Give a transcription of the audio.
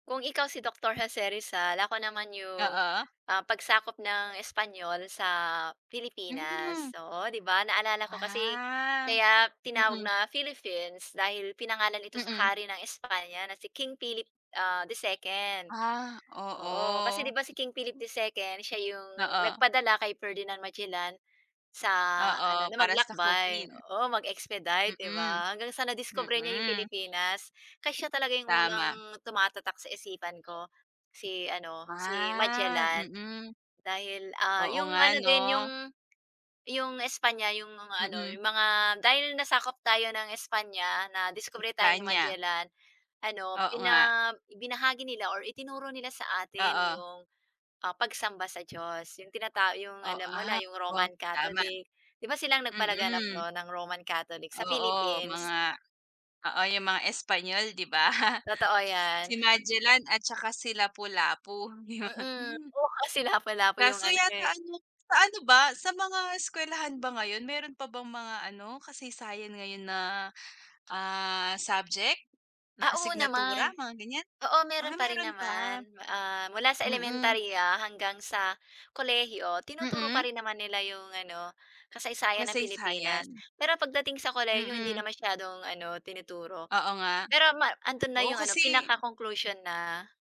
Kung ikaw si Doktor Jose Rizal, ako naman 'yong, Oo. ah, pagsakop ng Espanyol sa Pilipinas. Hmm. Oo, 'di ba naalala ko kasi Ah. kaya tinawag Mm. na Philippines dahil pinangalan ito sa Mm. hari ng Espanya na si King Philip, ah, II. Ah, Oo. Kasi oo. 'di ba si King Philip II, siya 'yong Oo. nagpadala kay Ferdinand Magellan sa ano, Oo, na para maglakbay sakupin. oo, mag-expedite, 'di Mm. ba? Hanggang sa nadiskubre niya 'yong Mm. Pilipinas kaya siya talaga 'yong unang Tama. tumatatak sa isipan ko si ano, si Ah, Magellan. mm. Dahil, ah, Oo 'yong nga ano din 'no? 'yong 'yong Espanya 'yong mga ano, Mm. 'yong mga dahil nasakop tayo ng Espanya, nadiskubre tayo ni Espanya. Magellan ano, Oo nga. bina ibinahagi nila or itinuro nila sa atin Oo. 'yong, ah, pagsamba sa Diyos. Yung tinata yung O alam mo na, ah, yung oh. Roman Tama. Catholic. Di ba silang nagpalaganap Mm. 'no ng Roman Catholic sa Oo, Philippines. mga oo, yung mga Espanyol di ba? Totoo 'yan. Si Magellan at tsaka si Lapu Lapu, yon. Mm. Oo, kasi Lapu-Lapu yung Kaso ano, yata eh. ano, sa ano ba, sa mga eskuwelahan ba ngayon, meron pa bang mga ano kasaysayan ngayon na, ah, subject, na Ah, oo asignatura, naman. mga ganyan? Oo, meron Ah, pa rin meron pa, naman. Ah, mula sa mm. elementarya hanggang sa kolehiyo, tinuturo Mm. pa rin naman nila 'yong ano, kasaysayan ng Pilipinas. Kasaysayan. Pero pagdating sa kolehiyo hindi Mm. na masyadong ano, tinuturo. Oo nga. Pero ma andun na Oo 'yong ano, kasi pinaka conclusion na